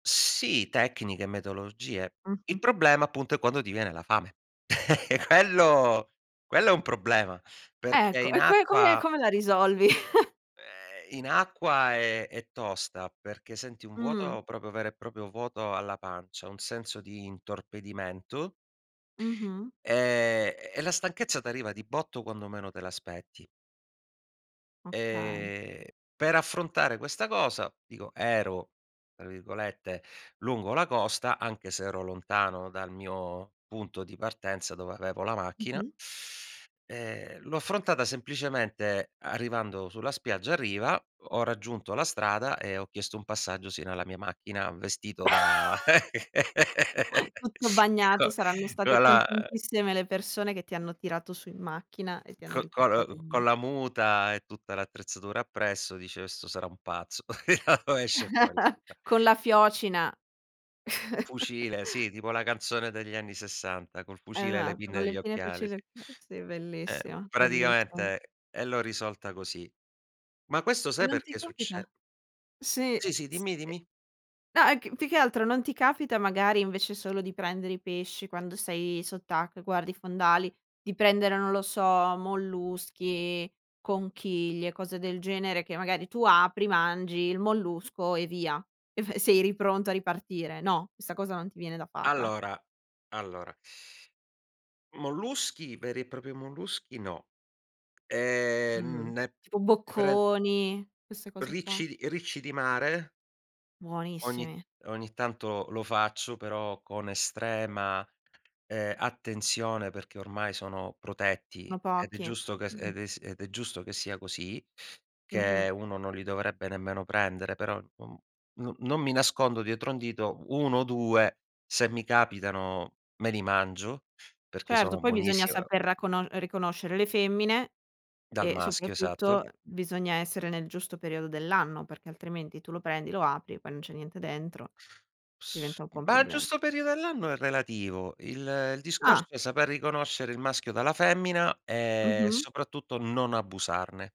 Sì, tecniche, metodologie. Il Mh-mh. problema appunto è quando ti viene la fame. Quello quello è un problema perché Ecco, in e co e come e acqua come la risolvi? ehm, in acqua è è tosta, perché senti un Mh. vuoto proprio vero e proprio vuoto alla pancia, un senso di intorpidimento Mh-mh. e e la stanchezza t'arriva di botto quando meno te l'aspetti. Okay. Ehm, per affrontare questa cosa dico, ero tra virgolette "lungo la costa", anche se ero lontano dal mio punto di partenza dove avevo la macchina. Mh-mh. Ehm, l'ho affrontata semplicemente arrivando sulla spiaggia a riva, ho ho raggiunto la strada e ho chiesto un passaggio sino alla mia macchina vestito da Tutto bagnato, co saranno state co la contentissime le persone che ti hanno tirato su in macchina e ti hanno c riportato cor in mh. con la muta e tutta l'attrezzatura appresso dice: "Questo sarà un pazzo". "Da dove esce fuori sto' qua". Con la fiocina. Fucile, sì, tipo la canzone degli anni 60', col fucile e le Esatto, no pinne e le gli pinne, occhiali, sì. fucile [unintelligible] sì Eh, bellissimo, bellissimo. praticamente, e l'ho risolta così. Ma questo E sai non ti perché succe capita sì, Sì, sì, sì. dimmi, dimmi. No è che mhmm, più che altro non ti capita magari invece solo di prendere i pesci quando sei sott'acqua e guardi i fondali, di prendere, non lo so, molluschi, conchiglie, cose del genere che magari tu apri, mangi il mollusco e via. Ef sei lì pronto a ripartire, no, questa cosa non ti viene da farla? Allora allora molluschi, veri e propri molluschi no. E Mh-mh. n n né Tipo né pren bocconi? Queste cose qua. ricci di ricci di mare. Ogni Buonissimi! ogni tanto lo faccio, però con estrema, ehm, attenzione perché ormai sono protetti No ed è pochi. Mh, giusto che mh-mh. ed è s ed è giusto che sia così, che Mh-mh. uno non li dovrebbe nemmeno prendere, però non non non mi nascondo dietro un dito, 1 o 2, se mi capitano me li mangio perché Certo, sono poi bisogna buonissi [unintelligible] saper cono riconoscere le femmine Dal e maschio, esatto. soprattutto bisogna essere nel giusto periodo dell'anno, perché altrimenti tu lo prendi, lo apri, e poi non c'è niente dentro, S diventa un po' un ma il problema. giusto periodo dell'anno è relativo. Il il discorso Ah! è saper riconoscere il maschio dalla femmina e Mh-mh. soprattutto non abusarne.